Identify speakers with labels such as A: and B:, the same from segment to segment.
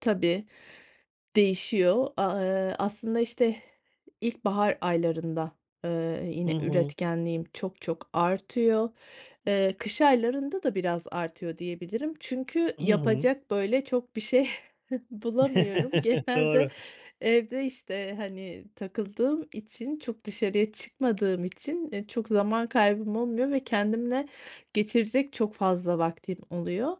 A: Tabii, değişiyor. A eee, aslında, işte, ilkbahar aylarında, ııı,
B: Hı
A: yine
B: hı.
A: üretkenliğim çok çok artıyor. Eee, kış aylarında da biraz artıyor diyebilirim çünkü
B: Hı hı.
A: yapacak, böyle, çok bir şey bulamıyorum. Genelde
B: Doğru.
A: evde, işte, hani, takıldığım için çok dışarıya çıkmadığım için, eee, çok zaman kaybım olmuyor ve kendimle geçirecek çok fazla vaktin oluyor.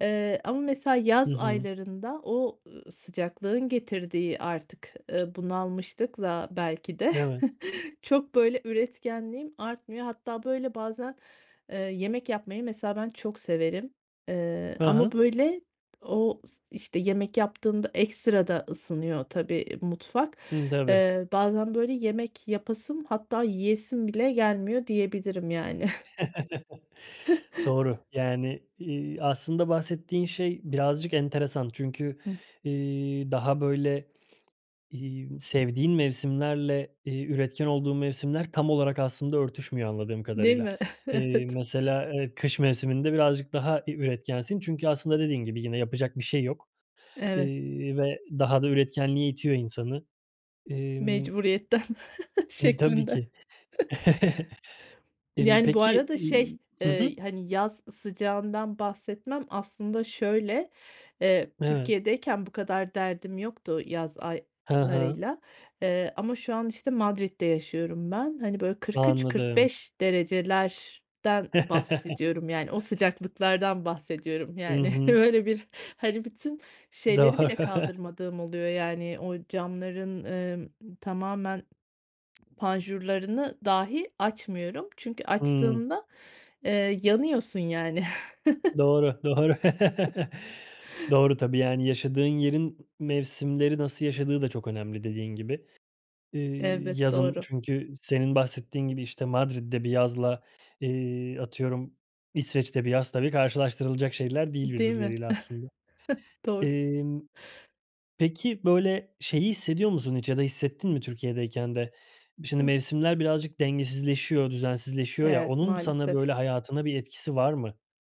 A: Eee, ama mesela
B: Hı
A: yaz
B: hı.
A: aylarında o, ııı, sıcaklığın getirdiği artık, ııı, bunalmışlıkla belki de
B: Evet.
A: çok, böyle, üretkenliğim artmıyor. Hatta, böyle, bazen, eee, yemek yapmayı mesela ben çok severim, eee,
B: Ha
A: ama,
B: ha.
A: böyle, o s işte, yemek yaptığında ekstra da ısınıyor tabii mutfak.
B: Hımm, tabii.
A: Eee, bazen, böyle, yemek yapasım hatta yiyesim bile gelmiyor diyebilirim, yani.
B: Doğru, yani, iii, aslında bahsettiğin şey birazcık enteresan çünkü,
A: Hı.
B: iii, daha, böyle, iii, sevdiğin mevsimlerle, iii, üretken olduğun mevsimler tam olarak aslında örtüşmüyor anladığım
A: Değil
B: kadarıyla.
A: mi?
B: Eee,
A: Evet.
B: mesela, eee, kış mevsiminde birazcık daha bir üretkensin çünkü aslında dediğin gibi yine yapacak bir şey yok.
A: Evet.
B: İii, ve daha da üretkenliğe itiyor insanı. Emm
A: Mecburiyetten
B: Tabii
A: şeklinde.
B: ki. Emm,
A: Yani, bu
B: peki,
A: arada şey,
B: iii Hı hı.
A: eee, hani, yaz sıcağından bahsetmem aslında şöyle, eee,
B: Evet.
A: Türkiye'deyken bu kadar derdim yoktu yaz
B: Ha ha.
A: aylarıyla, eee, ama şu an, işte, Madrid'de yaşıyorum ben. Hani, böyle, kırk üç kırk
B: Anladım.
A: beş derecelerden bahsediyorum. Yani, o sıcaklıklardan bahsediyorum,
B: Hı
A: yani,
B: hı.
A: öyle bir, hani, bütün
B: Do
A: şeyleri bile kaldırmadığım oluyor, yani, o camların, emm, tamamen panjurlarını dahi açmıyorum. Çünkü
B: Hımm.
A: açtığımda, eee, yanıyorsun, yani.
B: Doğru, doğru. Doğru tabii, yani, yaşadığın yerin mevsimleri nasıl yaşadığı da çok önemli dediğin gibi. İii,
A: Evet,
B: yazın
A: doğru.
B: çünkü senin bahsettiğin gibi, işte, Madrid'de bir yazla, eee, atıyorum İsveç'te bir yaz tabii karşılaştırılacak şeyler değil
A: Değil mi?
B: birbirleriyle aslında.
A: Doğru.
B: Emm, peki, böyle, şeyi hissediyor musun hiç ya da hissettin mi Türkiye'deyken de? Bir şimdi
A: Hı.
B: mevsimler birazcık dengesizleşiyor, düzensizleşiyor ya,
A: Evet,
B: onun sana,
A: maalesef.
B: böyle, hayatına bir etkisi var mı?